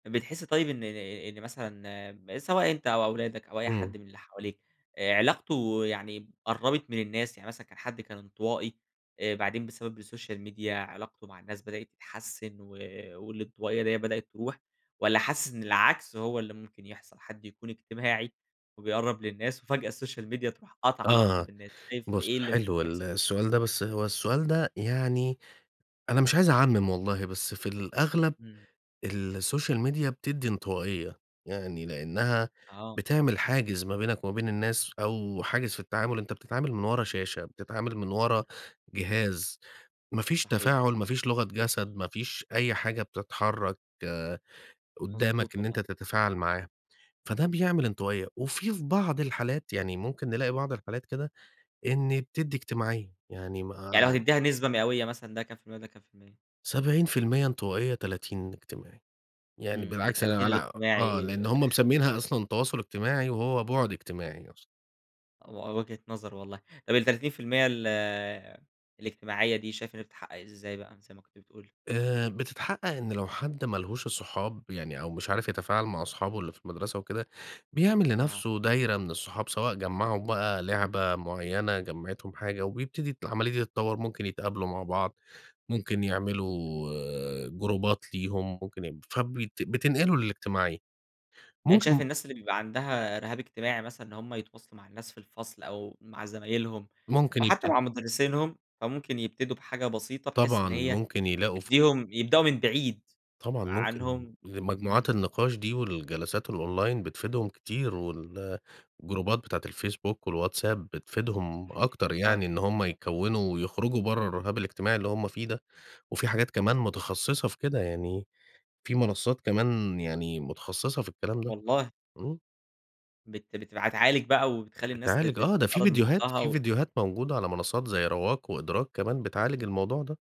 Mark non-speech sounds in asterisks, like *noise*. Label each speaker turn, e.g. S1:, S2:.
S1: بتحسّ طيب إن ن إن مثلًا، م سواء أنت أو أولادك أو أي
S2: إمم.
S1: حد من اللي حواليك، آآ، علاقته يعني قرّبت من الناس، يعني مثلًا كان حَدّ كان انطوائي، آآ بعدين بسبب السوشيال ميديا علاقته مع الناس بدأت تتحسن و والانطوائية دية بدأت تروح، والّا حاسِسّ إن العكس هو اللي ممكن يحصل، حَدّ يكون اجتماعي وبيقرّب للناس وفجأة السوشيال ميديا تروح قاطعة عِلاقته
S2: آه،
S1: بالناس. شايف
S2: بُص
S1: إيه اللي ممكن
S2: حلو ال
S1: يحصل؟
S2: السؤال ده، بس هو السؤال ده يعني أنا مش عايز أعمِم والله بس في الأغلب
S1: إمم.
S2: السوشيال ميديا بتدّي انطوائية، يعني لأنها
S1: آه.
S2: بِتعمل حاجز ما بينَك و ما بين الناس أو حاجز في التعامل، أنت بتتعامل من ورا شاشة، بتتعامل من
S1: إمم.
S2: ورا جهاز، ما فيش
S1: صحيح.
S2: تفاعل، ما فيش لغة جسد، ما فيش أي حاجة بتتحرك قدامَك
S1: مضبوط،
S2: إن أنت
S1: والله.
S2: تتفاعل معاه، فدّه بيعمل انطوائية، وفي في بعض الحالات يعني ممكن نلاقي بعض الحالات كده، إن بتدّي اجتماعية، يعني
S1: يعني لو
S2: ما
S1: هتديها نسبة مئوية مثلًا، ده كام في المِيّة وده كام في المِيّة؟
S2: 70% انطوائية، 30 اجتماعي، يعني
S1: إمم،
S2: بالعكس أنا
S1: ال30
S2: على آه،
S1: الاجتماعي.
S2: لأن هُم
S1: *chuckles*
S2: مسميينها أصلًا تواصُل اجتماعي وهو بُعد اجتماعي أص
S1: آه، و وجهة نظر والله. طب ال30% ال الاجتماعية دي، شايف إن هي بتتحقق إزاي بقى، زي ما كنت بتقول؟
S2: آآ، بتتحقق إن لو حَدّ مالهوش الصحاب يعني أو مش عارف يتفاعل مع أصحابه اللي في المدرسة وكده، بيعمل
S1: آه.
S2: لنفسه دايرة من الصحاب، سواء جمّعهُم بقى لعبة مُعينة، جمعِتهم حاجة، وبيبتدي ت العملية دي تتطوّر، ممكن يتقابلوا مع بعض، ممكن يعملوا جروبات ليهم ممكن يب فبت بتنقلوا للاجتماعية.
S1: يعني أنت شايف
S2: ممكن
S1: الناس اللي بيبقى عندها رِهاب اجتماعي مثلًا، إن هُم يتواصلوا مع الناس في الفصل أو مع زمايلهم
S2: ممكن
S1: أو حتى مع
S2: يبتدوا
S1: مُدرسينهُم، فممكن يبتدوا بحاجة بسيطة بحيث إن
S2: طبعًا،
S1: هي
S2: ممكن يلاقوا فوج
S1: تديهم يبدؤوا من بعيد
S2: طبعًا، ممكن
S1: عنهم،
S2: لمجموعات
S1: إمم.
S2: النقاش دي والجلسات الonline بتفيدهم كتير والجروبات بتاعة الfacebook والWhatsApp بتفيدهم
S1: صحيح،
S2: أكتر يعني،
S1: فعلًا
S2: إن
S1: آه.
S2: هُم يكوّنوا ويخرجوا برّه الرهاب الاجتماعي اللي هُم فيه ده. وفي حاجات كمان
S1: صحيح.
S2: متخصصة في كده، يعني في منصات كمان يعني متخصصة في الكلام ده،
S1: والله!
S2: إمم.
S1: بت بتبقى تعالج بقى وبتخلّي الناس ت
S2: بتعالج
S1: تت
S2: آه، ده في
S1: تتقرب من
S2: ڤيديوهات
S1: بعضها
S2: في
S1: و
S2: ڤيديوهات موجودة على منصات زي Rwaq وEdrak كمان، بتعالج الموضوع ده.